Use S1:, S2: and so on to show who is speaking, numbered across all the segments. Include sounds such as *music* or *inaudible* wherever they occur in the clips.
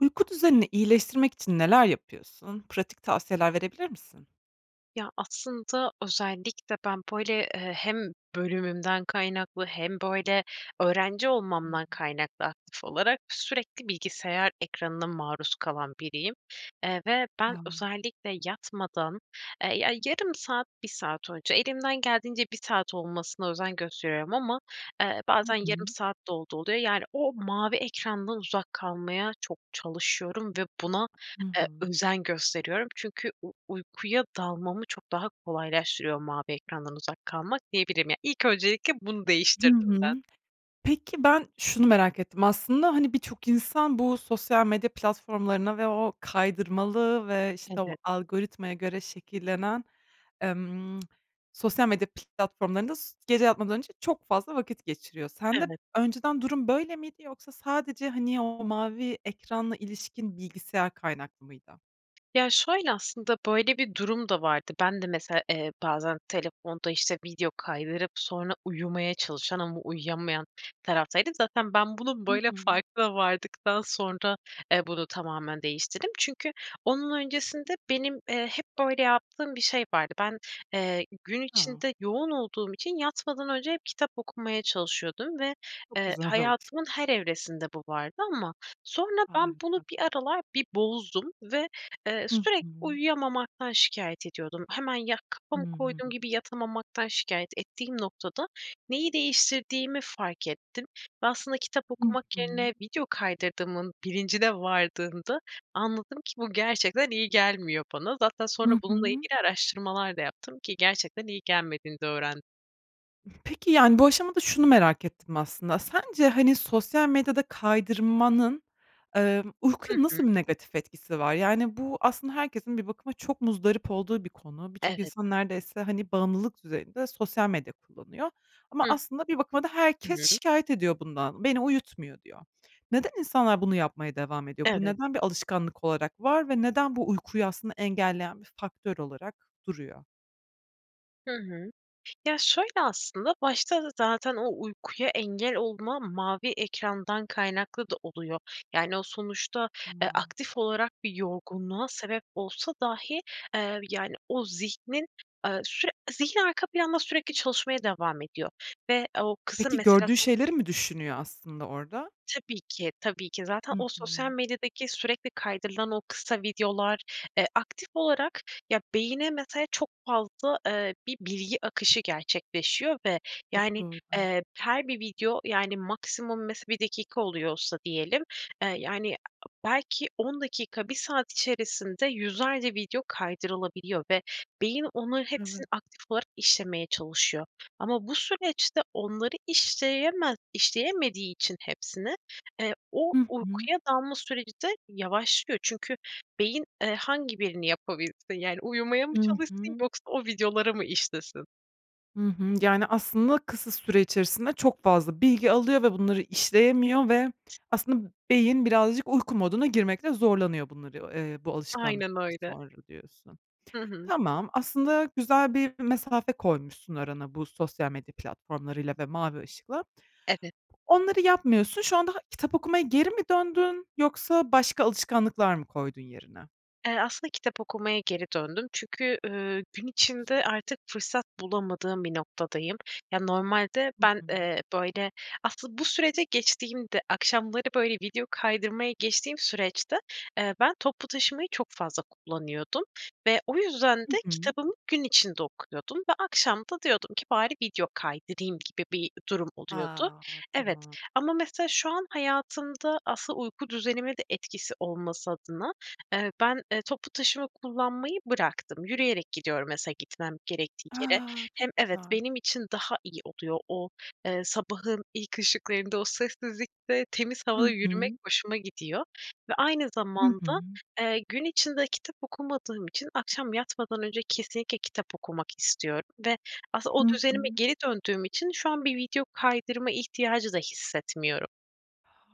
S1: Uyku düzenini iyileştirmek için neler yapıyorsun? Pratik tavsiyeler verebilir misin?
S2: Ya, aslında özellikle ben, böyle, eee, hem bölümümden kaynaklı hem, böyle, öğrenci
S1: Hı
S2: olmamdan
S1: hı.
S2: kaynaklı aktif olarak, sürekli bilgisayar ekranına maruz kalan biriyim. Eee, ve ben
S1: A!
S2: özellikle yatmadan, eee, ya yarım saat, 1 saat önce elimden geldiğince 1 saat olmasına özen gösteriyorum ama, eee,
S1: Hı
S2: bazen yarım
S1: hı.
S2: saat de olduğu oluyor. Yani o mavi ekrandan uzak kalmaya çok çalışıyorum ve buna,
S1: Hı
S2: eee,
S1: hı.
S2: özen gösteriyorum. Çünkü u uykuya dalmamı çok daha kolaylaştırıyor mavi ekrandan uzak kalmak diyebilirim. Yani ilk öncelikle bunu
S1: Hı
S2: değiştirdim ben.
S1: hı. Peki, ben şunu merak ettim. Aslında, hani, birçok insan bu sosyal medya platformlarına ve o kaydırmalı ve, işte,
S2: Tabii.
S1: o algoritmaya göre şekillenen, emm *tsk* sosyal medya platformlarında s gece yatmadan önce çok fazla vakit geçiriyor. Sende
S2: Evet.
S1: önceden durum böyle miydi yoksa sadece, hani, o mavi ekranla ilişkin bilgisayar kaynaklı mıydı?
S2: Ya, şöyle, aslında böyle bir durum da vardı. Ben de mesela, eee, bazen telefonda, işte, video kaydırıp sonra uyumaya çalışan ama uyuyamayan taraftaydım. Zaten ben bunun
S1: I
S2: böyle
S1: hı.
S2: farkına vardıktan sonra, eee, bunu tamamen değiştirdim. Çünkü onun öncesinde benim, eee, hep, böyle, yaptığım bir şey vardı. Ben, eee, gün
S1: A.
S2: içinde yoğun olduğum için yatmadan önce hep kitap okumaya çalışıyordum ve,
S1: Çok
S2: eee,
S1: güzel ol
S2: hayatımın her evresinde bu vardı ama sonra ben bunu bir
S1: *unintelligible*
S2: aralar bir bozdum ve, eee,
S1: Hı
S2: sürekli
S1: hı.
S2: uyuyamamaktan şikâyet ediyordum. Hemen, ya,
S1: Hı
S2: kafamı koyduğum
S1: hı.
S2: gibi yatamamaktan şikâyet ettiğim noktada neyi değiştirdiğimi fark ettim. Ve aslında kitap
S1: Hı
S2: okumak yerine
S1: hı.
S2: video kaydırdığımın bilincine vardığında, anladım ki bu gerçekten iyi gelmiyor bana. Zaten sonra
S1: Hı
S2: bununla
S1: hı.
S2: ilgili araştırmalar da yaptım ki gerçekten iyi gelmediğini de öğren
S1: Peki, yani, bu aşamada şunu merak ettim aslında, sence, hani, sosyal medyada kaydırmanın, emm,
S2: Hı
S1: uykuya
S2: hı.
S1: nasıl bir negatif etkisi var? Yani, bu aslında herkesin bir bakıma çok muzdarip olduğu bir konu. Birçok
S2: Evet.
S1: insan neredeyse, hani, bağımlılık düzeyinde sosyal medya kullanıyor. Ama
S2: Hı.
S1: aslında bir bakıma da
S2: Hı
S1: herkes
S2: hı.
S1: şikâyet ediyor bundan, beni uyutmuyor diyor. Neden insanlar bunu yapmaya devam ediyor? Bu
S2: Evet.
S1: neden bir alışkanlık olarak var Ve neden bu uykuyu aslında engelleyen bir faktör olarak duruyor?
S2: Hı hı. Ya, şöyle aslında, başta da zaten o uykuya engel olma mavi ekrandan kaynaklı da oluyor. Yani o sonuçta, eee,
S1: Tamam.
S2: aktif olarak bir yorgunluğa sebep olsa dahi, eee, yani o zihnin, eee, süre zihin arka planda sürekli çalışmaya devam ediyor ve o kısım
S1: Peki,
S2: mesela
S1: gördüğü
S2: sos
S1: şeyleri mi düşünüyor aslında orada?
S2: Tabii ki. Tabii ki zaten
S1: Hı
S2: o sosyal
S1: hı.
S2: medyadaki sürekli kaydırılan o kısa videolar, eee, aktif olarak, ya, beyne mesela çok fazla, eee, bir bilgi akışı gerçekleşiyor ve
S1: Çok
S2: yani,
S1: doğru.
S2: eee, her bir video, yani, maksimum mesela 1 dakika oluyorsa diyelim, eee, yani belki 10 dakika, 1 saat içerisinde yüzlerce video kaydırılabiliyor ve beyin onların hepsini
S1: Evet.
S2: aktif olarak işlemeye çalışıyor. Ama bu süreçte onları işleyeme işleyemediği için hepsini, eee, o
S1: Hı hı.
S2: uykuya dalma süreci de yavaşlıyor. Çünkü beyin, eee, hangi birini yapabilsin? Yani uyumaya mı
S1: Hı
S2: çalışsın
S1: hı.
S2: yoksa o videoları mı işlesin?
S1: Hı hı. Yani, aslında, kısa süre içerisinde çok fazla bilgi alıyor ve bunları işleyemiyor ve aslında beyin birazcık uyku moduna girmekte zorlanıyor bunları, eee, bu
S2: Aynen
S1: alışkanlıktan
S2: öyle.
S1: sonra diyorsun.
S2: Hı hı.
S1: Tamam, aslında, güzel bir mesafe koymuşsun arana bu sosyal medya platformlarıyla ve mavi ışıkla.
S2: Evet.
S1: Onları yapmıyorsun. Şu anda kitap okumaya geri mi döndün yoksa başka alışkanlıklar mı koydun yerine?
S2: Eee, aslında, kitap okumaya geri döndüm. Çünkü, ııı, gün
S1: Çok güzel.
S2: içinde artık fırsat bulamadığım bir noktadayım. Ya, normalde
S1: Hı
S2: ben,
S1: hı.
S2: eee, böyle, asıl bu sürece geçtiğimde akşamları, böyle, video kaydırmayı geçtiğim süreçte, eee, ben toplu taşımayı çok fazla kullanıyordum ve o yüzden
S1: I
S2: de
S1: hı.
S2: kitabımı gün içinde okuyordum ve akşam da diyordum ki, "Bari video kaydırayım." gibi bir durum oluyordu.
S1: A!
S2: Evet.
S1: Tamam.
S2: Ama mesela, şu an hayatımda asıl uyku düzenime de etkisi olması adına, eee, ben, eee, toplu taşıma kullanmayı bıraktım. Yürüyerek gidiyorum, mesela, gitmem gerektiği yere.
S1: A! Çok
S2: Hem evet,
S1: güzel.
S2: benim için daha iyi oluyor. O sabahın ilk ışıklarında, o sessizlikte, temiz
S1: I
S2: havada yürümek
S1: hı.
S2: hoşuma gidiyor ve aynı
S1: Hı hı.
S2: zamanda, eee, gün içinde kitap okumadığım için akşam yatmadan önce kesinlikle kitap okumak istiyorum ve aslında o
S1: Hı
S2: düzenime
S1: hı.
S2: geri döndüğüm için şu an bir video kaydırma ihtiyacı da hissetmiyorum.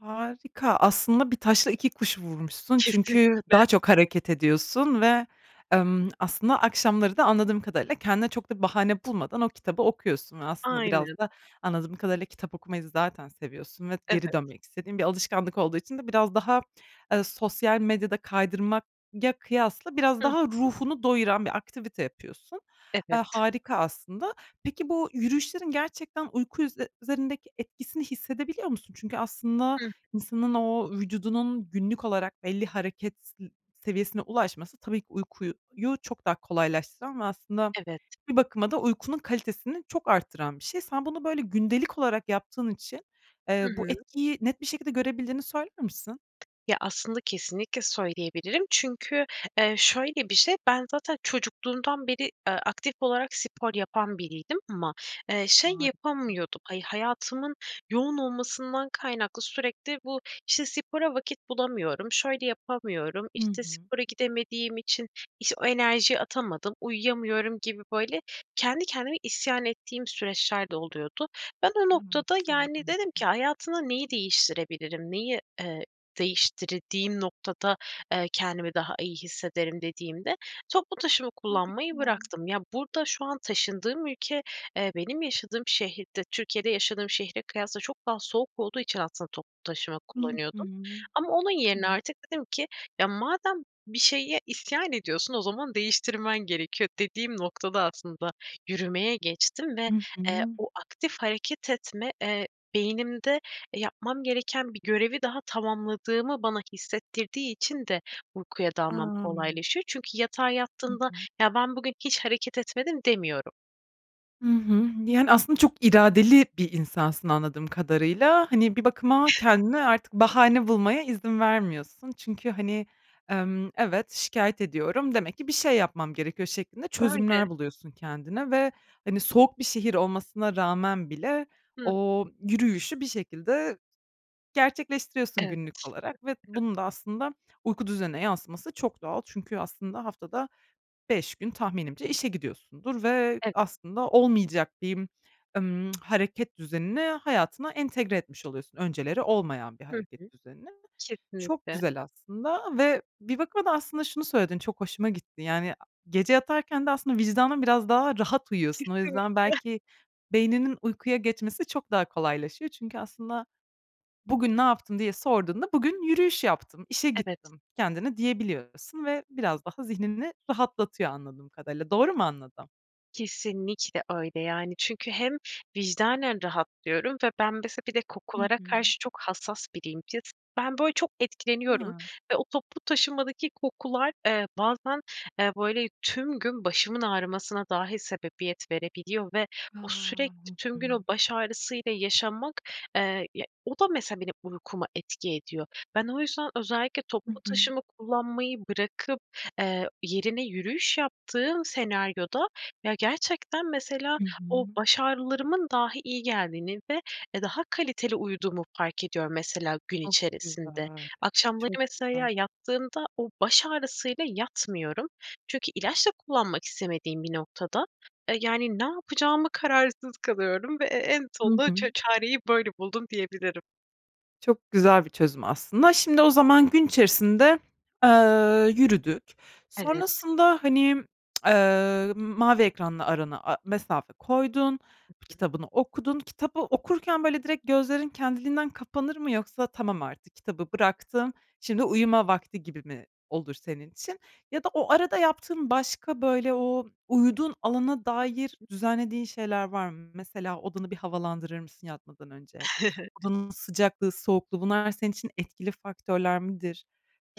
S1: Harika, aslında bir taşla iki kuş vurmuşsun. Çünkü
S2: Kesinlikle.
S1: daha çok hareket ediyorsun ve, emm, aslında akşamları da anladığım kadarıyla kendine çok da bir bahane bulmadan o kitabı okuyorsun ve aslında
S2: Aynen.
S1: biraz da anladığım kadarıyla kitap okumayı zaten seviyorsun. Ve geri
S2: Evet.
S1: dönmek istediğin bir alışkanlık olduğu için de biraz daha, e, sosyal medyada kaydırmak ya, kıyasla biraz
S2: Hı
S1: daha
S2: hı.
S1: ruhunu doyuran bir aktivite yapıyorsun. Eee,
S2: Evet.
S1: harika aslında. Peki, bu yürüyüşlerin gerçekten uyku ü üzerindeki etkisini hissedebiliyor musun? Çünkü aslında
S2: Hıı.
S1: insanın o vücudunun günlük olarak belli hareket s seviyesine ulaşması tabii ki uykuyu çok daha kolaylaştıran ve aslında
S2: Evet.
S1: bir bakıma da uykunun kalitesini çok arttıran bir şey. Sen bunu, böyle, gündelik olarak yaptığın için,
S2: Hı
S1: eee, bu
S2: hı.
S1: etkiyi net bir şekilde görebildiğini söyler misin?
S2: Ya aslında kesinlikle söyleyebilirim. Çünkü, eee, şöyle bir şey. Ben zaten çocukluğumdan beri, eee, aktif olarak spor yapan biriydim. Ama, eee, şey
S1: Harika.
S2: yapamıyordum. Hayatımın yoğun olmasından kaynaklı sürekli bu, işte, spora vakit bulamıyorum. Şöyle yapamıyorum.
S1: Hı
S2: İşte,
S1: hı.
S2: spora gidemediğim için iş o enerjiyi atamadım. Uyuyamıyorum gibi, böyle, kendi kendime isyan ettiğim süreçler de oluyordu. Ben o
S1: Evet,
S2: noktada, yani,
S1: yaygın bir
S2: dedim ki
S1: durum.
S2: hayatına neyi değiştirebilirim. Neyi, eee, değiştirdiğim noktada, eee, kendimi daha iyi hissederim dediğimde toplu taşıma
S1: Harika.
S2: kullanmayı bıraktım. Ya, burada şu an taşındığım ülke, eee, benim yaşadığım şehirde Türkiye'de yaşadığım şehre kıyasla çok daha soğuk olduğu için aslında toplu taşıma
S1: Hı
S2: kullanıyordum.
S1: hı.
S2: Ama onun yerine
S1: Tabii.
S2: artık dedim ki, "Ya, madem bir şeye isyan ediyorsun. O zaman değiştirmen gerekiyor," dediğim noktada aslında yürümeye geçtim ve,
S1: Hı
S2: eee,
S1: hı.
S2: o aktif hareket etme, eee, beynimde, e, yapmam gereken bir görevi daha tamamladığımı bana hissettirdiği için de uykuya dalmam
S1: A!
S2: kolaylaşıyor. Çünkü yatağa
S1: Hı
S2: yattığında,
S1: hı.
S2: "Ya ben bugün hiç hareket etmedim." demiyorum.
S1: Hı hı. Yani, aslında çok iradeli bir insansın, anladığım kadarıyla. Hani, bir bakıma kendine artık bahane bulmaya izin vermiyorsun. Çünkü, hani, emm, "Evet, şikâyet ediyorum demek ki bir şey yapmam gerekiyor." şeklinde
S2: Öyle.
S1: çözümler buluyorsun kendine ve, hani, soğuk bir şehir olmasına rağmen bile
S2: Hıh.
S1: o yürüyüşü bir şekilde gerçekleştiriyorsun
S2: Evet.
S1: günlük olarak ve
S2: *unintelligible*
S1: bunun da aslında uyku düzenine yansıması çok doğal. Çünkü aslında haftada 5 gün tahminimce işe gidiyorsundur ve
S2: Evet.
S1: aslında olmayacak diyeyim, ımm, *tsk* hareket düzenini hayatına entegre etmiş oluyorsun önceleri olmayan bir
S2: Hı hı.
S1: hareket düzenini. Çok
S2: Kesinlikle.
S1: güzel aslında ve bir bakıma da aslında şunu söyledin, çok hoşuma gitti, yani, gece yatarken de aslında vicdanın biraz daha rahat uyuyorsun. O yüzden
S2: Kesinlikle.
S1: belki beyninin uykuya geçmesi çok daha kolaylaşıyor. Çünkü aslında, "Bugün ne yaptım?" diye sorduğunda, "Bugün yürüyüş yaptım, işe
S2: Evet.
S1: gittim." kendine diyebiliyorsun ve biraz daha zihnini rahatlatıyor, anladığım kadarıyla. Doğru mu anladım?
S2: Kesinlikle öyle. Yani, çünkü hem vicdanen rahatlıyorum Ve ben mesela bir de
S1: Hı
S2: kokulara
S1: hı.
S2: karşı çok hassas biriyim. Ya, ben, böyle, çok etkileniyorum.
S1: Ha.
S2: Ve o toplu taşımadaki kokular, eee, bazen, eee, böyle, tüm gün başımın ağrımasına dahi sebebiyet verebiliyor ve
S1: A!
S2: o sürekli
S1: Hı
S2: tüm gün o
S1: hı.
S2: baş ağrısıyla yaşamak, eee, ya, o da mesela benim uykuma etki ediyor. Ben o yüzden özellikle
S1: Hı
S2: toplu
S1: hı.
S2: taşıma kullanmayı bırakıp, eee, yerine yürüyüş yaptığım senaryoda, ya, gerçekten mesela
S1: Hı
S2: o
S1: hı.
S2: baş ağrılarımın dahi iyi geldiğini ve, eee, daha kaliteli uyuduğumu fark ediyorum mesela gün
S1: Çok
S2: içerisinde.
S1: güzel. Çok
S2: Akşamları
S1: güzel.
S2: mesela yattığımda o baş ağrısıyla yatmıyorum çünkü ilaç da kullanmak istemediğim bir noktada, eee, yani ne yapacağıma kararsız kalıyorum ve e en
S1: Hı
S2: sonunda ça
S1: hı.
S2: çareyi böyle buldum diyebilirim.
S1: Çok güzel bir çözüm aslında, şimdi o zaman gün içerisinde, eee, yürüdük
S2: Evet.
S1: sonrasında, hani, *tsk* eee, mavi ekranla arana a mesafe koydun,
S2: Hı hı.
S1: kitabını okudun, kitabı okurken, böyle, direkt gözlerin kendiliğinden kapanır mı yoksa, "Tamam, artık kitabı bıraktım, şimdi uyuma vakti." gibi mi olur senin için? Ya da o arada yaptığın başka, böyle, o uyuduğun alana dair
S2: *unintelligible*
S1: düzenlediğin şeyler var mı? Mesela, odanı bir havalandırır mısın yatmadan önce?
S2: *chuckles*
S1: Odanın sıcaklığı, soğukluğu bunlar senin için etkili faktörler midir?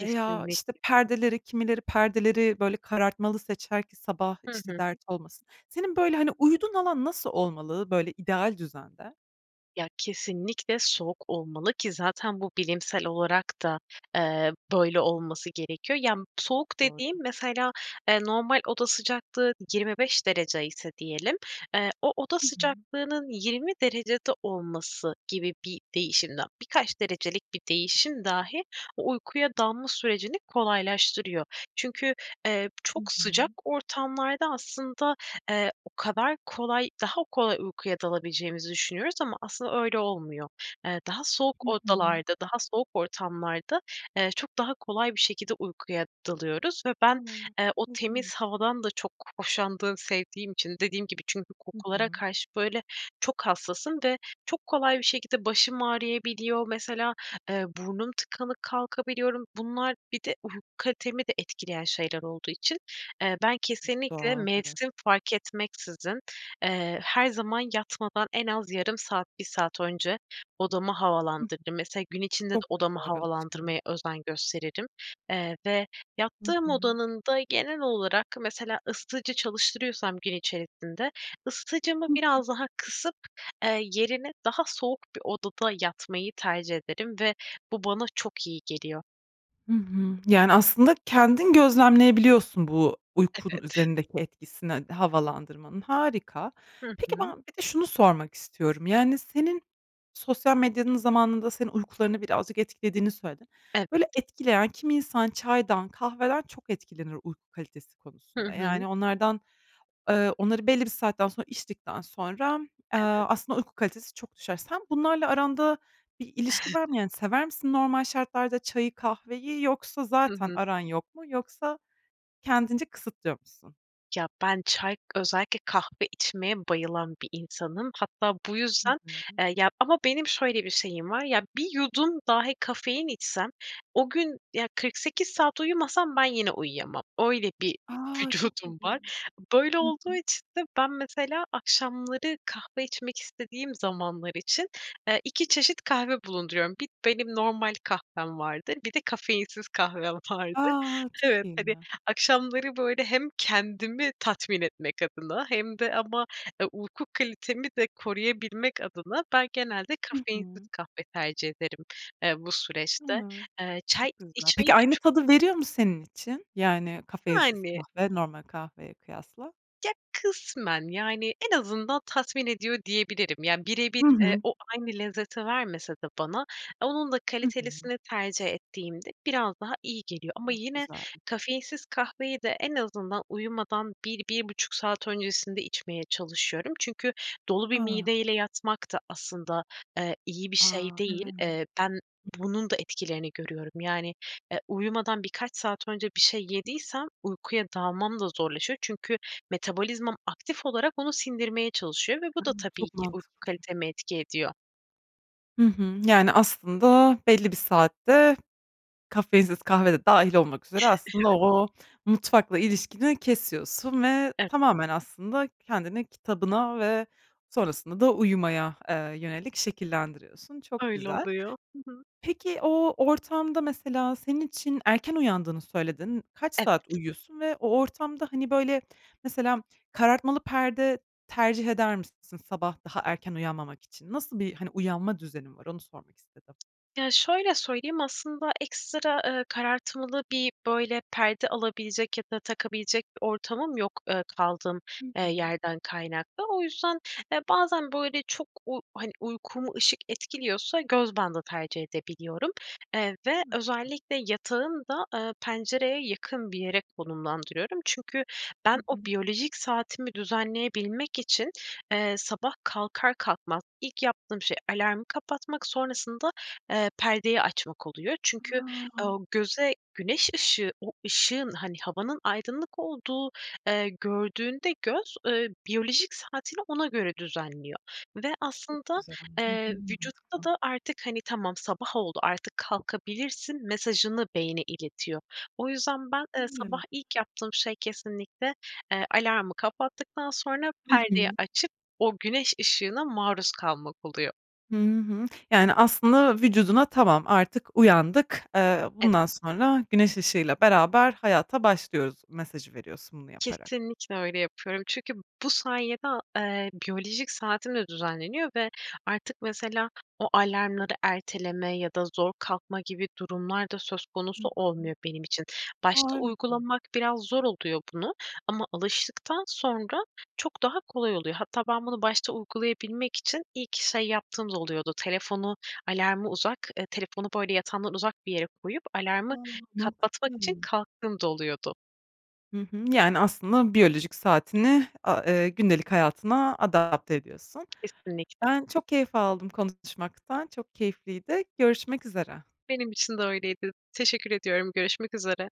S1: Veya, işte, perdeleri kimileri perdeleri, böyle, karartmalı seçer ki sabah,
S2: Hı
S1: işte,
S2: hı.
S1: dert olmasın. Senin, böyle, hani, uyuduğun alan nasıl olmalı, böyle, ideal düzende?
S2: Ya, kesinlikle soğuk olmalı ki zaten bu bilimsel olarak da, eee, böyle olması gerekiyor. Yani,
S1: Çok
S2: soğuk
S1: doğru.
S2: dediğim, mesela, eee, normal oda sıcaklığı 25 derece ise diyelim, eee, o oda
S1: Hı hı.
S2: sıcaklığının 20 derecede olması gibi bir değişim dah birkaç derecelik bir değişim dahi o uykuya dalma sürecini kolaylaştırıyor. Çünkü, eee,
S1: Hı
S2: çok sıcak
S1: hı.
S2: ortamlarda, aslında, eee, o kadar kolay daha kolay uykuya dalabileceğimizi düşünüyoruz ama aslında öyle olmuyor. Eee, daha soğuk
S1: Hı hı.
S2: odalarda, daha soğuk ortamlarda, eee, çok daha kolay bir şekilde uykuya dalıyoruz ve ben,
S1: *unintelligible*
S2: eee, o temiz
S1: İlginç.
S2: havadan da çok hoşlandığım, sevdiğim için dediğim gibi çünkü
S1: Hı
S2: kokulara
S1: hı.
S2: karşı, böyle, çok hassasım ve çok kolay bir şekilde başım ağrıyabiliyor. Mesela, eee, burnum tıkalı kalkabiliyorum. Bunlar bir de uyku kalitemi de etkileyen şeyler olduğu için, eee, ben
S1: Çok
S2: kesinlikle
S1: doğal, evet.
S2: mevsim fark etmeksizin, eee, her zaman yatmadan en az yarım saat, 1 saat önce odamı
S1: Hı hı.
S2: havalandırırım. Mesela, gün içinde de
S1: Çok
S2: odamı
S1: güzel bir alışkanlık.
S2: havalandırmaya özen gösteririm, eee, ve
S1: Hı
S2: yattığım
S1: hı.
S2: odanın da genel olarak, mesela, ısıtıcı çalıştırıyorsam gün içerisinde ısıtıcımı
S1: Hı hı.
S2: biraz daha kısıp, eee, yerine daha soğuk bir odada yatmayı tercih ederim. Ve bu bana çok iyi geliyor.
S1: Hı hı. Yani, aslında, kendin gözlemleyebiliyorsun bu uykunun
S2: Evet.
S1: üzerindeki etkisini havalandırmanın, harika.
S2: Hı
S1: Peki,
S2: hı.
S1: ben bir de şunu sormak istiyorum, yani, senin sosyal medyanın zamanında senin uykularını birazcık etkilediğini söyledin. Böyle,
S2: Evet.
S1: etkileyen kimi insan çaydan, kahveden çok etkilenir uyku kalitesi
S2: Hı
S1: konusunda.
S2: hı.
S1: Yani, onlardan, eee onları belli bir saatten sonra içtikten sonra, eee,
S2: Evet.
S1: aslında, uyku kalitesi çok düşer. Sen bunlarla aranda bir ilişki var mı,
S2: *chuckles*
S1: yani, sever misin normal şartlarda çayı, kahveyi yoksa
S2: Hı
S1: zaten
S2: hı.
S1: aran yok mu yoksa kendince kısıtlıyor musun?
S2: Ya, ben çay özellikle kahve içmeye bayılan bir insanım. Hatta bu yüzden, e,
S1: Hıı.
S2: ya ama benim şöyle bir şeyim var. Ya, 1 yudum dahi kafein içsem o gün ya 48 saat uyumasam ben yine uyuyamam. Öyle bir
S1: A! Çok
S2: vücudum var.
S1: ilginç.
S2: Böyle
S1: Hı
S2: olduğu
S1: hı.
S2: için de ben, mesela, akşamları kahve içmek istediğim zamanlar için, eee, 2 çeşit kahve bulunduruyorum. Bir benim normal kahvem vardır, bir de kafeinsiz kahvem vardır.
S1: A! Çok
S2: Evet,
S1: iyi,
S2: tabii,
S1: ya.
S2: akşamları, böyle, hem kendimi tatmin etmek adına hem de ama uyku kalitemi de koruyabilmek adına ben genelde
S1: Hı
S2: kafeinsiz
S1: hı.
S2: kahve tercih ederim, eee, bu
S1: A!
S2: süreçte. Eee, çay
S1: Çok güzel.
S2: içmeyi
S1: Peki
S2: de
S1: aynı
S2: çok
S1: tadı veriyor mu senin için? Yani, kafeinsiz
S2: Yani.
S1: kahve normal kahveye kıyasla?
S2: Ya, kısmen yani en azından tatmin ediyor diyebilirim. Ya birebir,
S1: Hı
S2: eee,
S1: hı.
S2: o aynı lezzeti vermese de bana onun da
S1: Hı hı.
S2: kalitelisini tercih ettiğimde biraz daha iyi geliyor. Ama
S1: Çok
S2: yine
S1: güzel.
S2: kafeinsiz kahveyi de en azından uyumadan 1-1,5 saat öncesinde içmeye çalışıyorum. Çünkü dolu bir
S1: A!
S2: mideyle yatmak da aslında, eee, iyi bir şey
S1: A!
S2: değil.
S1: Evet.
S2: Eee, ben bunun da etkilerini görüyorum. Yani, e, uyumadan birkaç saat önce bir şey yediysem, uykuya dalmam da zorlaşıyor. Çünkü metabolizmam aktif olarak onu sindirmeye çalışıyor ve bu
S1: A!
S2: da tabii
S1: Çok
S2: ki uyku
S1: mantıklı.
S2: kaliteme etki ediyor.
S1: Hı hı, yani aslında belli bir saatte kafeinsiz kahve de dâhil olmak üzere aslında
S2: *unintelligible*
S1: o o mutfakla ilişkini kesiyorsun ve
S2: Evet.
S1: tamamen aslında kendini kitabına ve sonrasında da uyumaya, eee, yönelik şekillendiriyorsun. Çok
S2: Öyle
S1: güzel.
S2: oluyor. Hı hı.
S1: Peki o ortamda mesela senin için erken uyandığını söyledin, kaç saat
S2: Evet.
S1: uyuyorsun ve o ortamda hani böyle mesela karartmalı perde tercih eder misin sabah daha erken uyanmamak için? Nasıl bir hani uyanma düzenin var onu sormak istedim?
S2: Ya, şöyle söyleyeyim aslında ekstra, eee, karartmalı bir böyle perde alabilecek ya da takabilecek bir ortamım yok, eee, kaldığım,
S1: Hı
S2: eee,
S1: hı.
S2: yerden kaynaklı. O yüzden, eee, bazen böyle çok u hani uykumu ışık etkiliyorsa göz bandı tercih edebiliyorum, eee, ve
S1: *unintelligible*
S2: özellikle yatağın da, eee, pencereye yakın bir yere konumlandırıyorum. Çünkü
S1: Hı
S2: ben o
S1: hı.
S2: biyolojik saatimi düzenleyebilmek için, eee, sabah kalkar kalkmaz ilk yaptığım şey alarmı kapatmak sonrasında, eee, perdeyi açmak oluyor. Çünkü,
S1: A!
S2: ooo, göze güneş ışığı, o ışığın hani, havanın aydınlık olduğu, gördüğünde göz, eee, biyolojik saatiyle ona göre düzenliyor ve
S1: Çok
S2: aslında,
S1: güzel. Hı hı
S2: eee, vücutta
S1: mantıklı.
S2: da artık hani, tamam sabah oldu artık kalkabilirsin mesajını beyine iletiyor. O yüzden ben, eee, sabah
S1: *unintelligible*
S2: ilk yaptığım şey kesinlikle, eee, alarmı kapattıktan sonra
S1: Hı
S2: perdeyi
S1: hı.
S2: açıp o güneş ışığına maruz kalmak oluyor.
S1: Hı hı. Yani aslında vücuduna tamam artık uyandık, eee,
S2: Evet.
S1: bundan sonra güneş ışığıyla beraber hayata başlıyoruz mesajı veriyorsun bunu yaparak.
S2: Kesinlikle öyle yapıyorum çünkü bu sayede, a eee, biyolojik saatim de düzenleniyor ve artık, mesela, o alarmları erteleme ya da zor kalkma gibi durumlar da söz
S1: Hı
S2: konusu
S1: hı.
S2: olmuyor benim için. Başta
S1: Harika.
S2: uygulamak biraz zor oluyor bunu ama alıştıktan sonra çok daha kolay oluyor. Hatta ben bunu başta uygulayabilmek için ilk şey yaptığım da oluyordu. Telefonu alarmı uzak, eee, telefonu, böyle, yatağımdan uzak bir yere koyup alarmı
S1: A,
S2: kapatmak
S1: mantıklı.
S2: için kalktığım da oluyordu.
S1: Hı hı, yani aslında biyolojik saatini a eee, gündelik hayatına adapte ediyorsun.
S2: Kesinlikle.
S1: Ben çok keyif aldım konuşmaktan çok keyifliydi görüşmek üzere.
S2: Benim için de öyleydi. Teşekkür ediyorum, görüşmek üzere.